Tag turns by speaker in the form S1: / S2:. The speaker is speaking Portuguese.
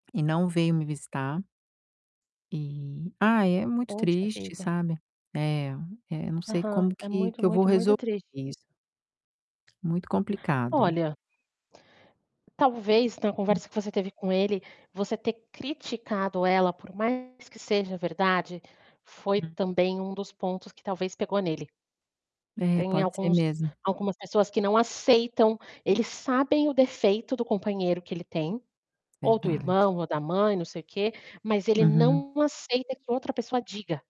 S1: E não veio me visitar. E, ah, é muito
S2: Poxa
S1: triste,
S2: vida.
S1: sabe, eh eh, não sei
S2: Aham,
S1: como
S2: é
S1: que
S2: muito,
S1: que eu vou
S2: muito,
S1: resolver
S2: muito triste.
S1: isso. Muito complicado.
S2: Olha talvez então a
S1: Hum.
S2: conversa que você teve com ele, você ter criticado ela, por mais que seja verdade, foi
S1: Uhum.
S2: também um dos pontos que talvez pegou nele.
S1: É,
S2: Tem
S1: pode ser
S2: alguns
S1: mesmo.
S2: algumas pessoas que não aceitam, eles sabem o defeito do companheiro que ele tem, ou do
S1: Verdade.
S2: irmão, ou da mãe, não sei o quê, mas ele
S1: Uhum.
S2: não aceita que outra pessoa diga.